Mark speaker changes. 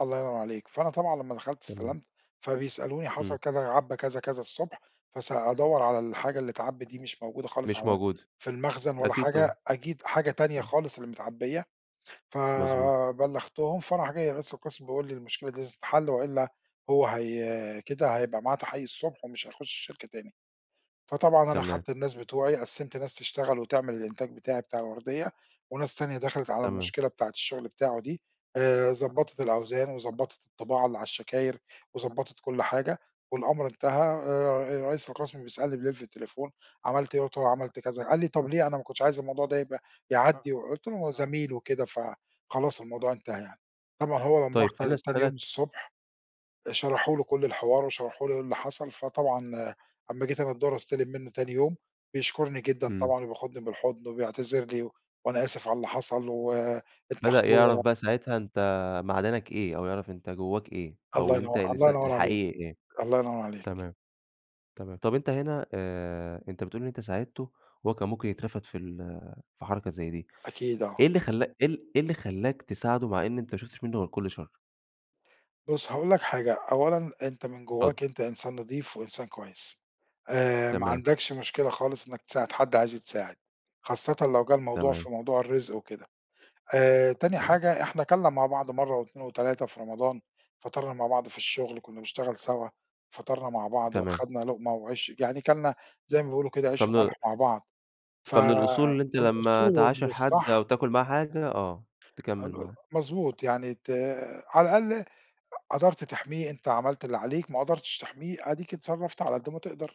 Speaker 1: الله ينور عليك، فأنا طبعًا لمّا دخلت
Speaker 2: تمام.
Speaker 1: استلمت فبيسألوني
Speaker 2: إمم.
Speaker 1: حصل كذا، عَبّى كذا كذا الصبح فس أدور على الحاجة اللي أتعَبِّت دي مش موجودة خالص
Speaker 2: مش
Speaker 1: على
Speaker 2: موجودة.
Speaker 1: في المخزن ولا
Speaker 2: أكيد
Speaker 1: حاجة،
Speaker 2: طبعًا.
Speaker 1: أكيد حاجة تانية
Speaker 2: إمم.
Speaker 1: خالص اللي متعَبية،
Speaker 2: مضبوط.
Speaker 1: فبلغتهم فراح جاي رئيس القسْم بيقول لي المشكلة دي تتحل وإلا هو هي كده هيبقى معاه تحقيق الصبح ومش هيخش الشركة تاني. فطبعًا أنا
Speaker 2: تمام.
Speaker 1: خدت الناس بتوعي قَسِّمت ناس تشتغل وتعمل الإنتاج بتاعي بتاع الوردية، وناس تانية دخلِت على
Speaker 2: تمام.
Speaker 1: المشكلة بتاعة الشغل بتاعه دي آآ، ضبّطِت الأوزان وضبّطِت الطباعة اللي على الشكاير وضبّطِت كل حاجة والأمر انتهى. آآ رئيس القسْم بيسألني بليل في التليفون: "عملت إيه؟"، قُلت له عملت كذا، قال لي: "طب ليه؟ أنا ما كنتش عايز الموضوع ده يبقى يعدّي" وقُلت له هو زميل وكده فخلاص الموضوع انتهى يعني. طبعًا هو لمّا راح
Speaker 2: طيب، خليني
Speaker 1: تان تاني يوم
Speaker 2: أسألك
Speaker 1: الصبح، شرحوا له كل الحوار وشرحوا له إيه اللي حصل، فطبعًا لما جيت أنا الضُهر أستلِم منُّه تاني يوم بيشكُرني جدًا
Speaker 2: إمم.
Speaker 1: طبعًا، وبياخدني بالحضن، وبيعتذر لي: "وأنا آسف على اللي حصل و أنت
Speaker 2: بدأ يعرف
Speaker 1: أخويا."
Speaker 2: بقى ساعتها أنت معدنك إيه، أو يعرف أنت جواك إيه، أو
Speaker 1: الله
Speaker 2: إن أنت
Speaker 1: ينور الله
Speaker 2: الإنسا
Speaker 1: ينور عليك،
Speaker 2: الحقيقي إيه.
Speaker 1: الله ينور عليك.
Speaker 2: تمام. تمام، طب أنت هِنا آآ أنت بتقول إن أنت ساعدته وهو كان ممكن يترفد في ال في حركة زي دي،
Speaker 1: أكيد آه.
Speaker 2: إيه اللي خلّا إيه إيه اللي خلّاك تساعده مع إن أنت ما شُفتش منُه غير كل شر؟
Speaker 1: بُص هاقول لك حاجة، أولًا أنت من
Speaker 2: اتفضل.
Speaker 1: جواك أنت إنسان نضيف وإنسان كويس آآ ما
Speaker 2: تمام.
Speaker 1: عَندكش مشكلة خالص إنك تساعد حد عايز يتساعد، خاصةً لو جه الموضوع
Speaker 2: تمام.
Speaker 1: في موضوع الرزق وكده. آآ تاني
Speaker 2: تمام.
Speaker 1: حاجة إحنا كَلنا مع بعض مرة و2 و3 في رمضان، فطرنا مع بعض في الشغل كنا بنشتغل سَوا، فطرنا مع بعض
Speaker 2: تمام.
Speaker 1: وأخدنا لقمة وعيش يعني كَلنا زي ما بيقولوا كده عيش و
Speaker 2: فمن ال
Speaker 1: ملح مع بعض ف
Speaker 2: فمن الأصول
Speaker 1: آآ
Speaker 2: إن أنت
Speaker 1: من
Speaker 2: لما
Speaker 1: الأصول ومن
Speaker 2: تعاشر حد أو
Speaker 1: الصح
Speaker 2: تاكل معاه حاجة، آه،
Speaker 1: أ أ
Speaker 2: تكمّل معاه.
Speaker 1: مضبوط يعني ت على الأقل قدرت تحمِيه أنت عملت اللي عليك، ما قدرتش تحميه، أديك اتصرّفت على قد ما تقدر.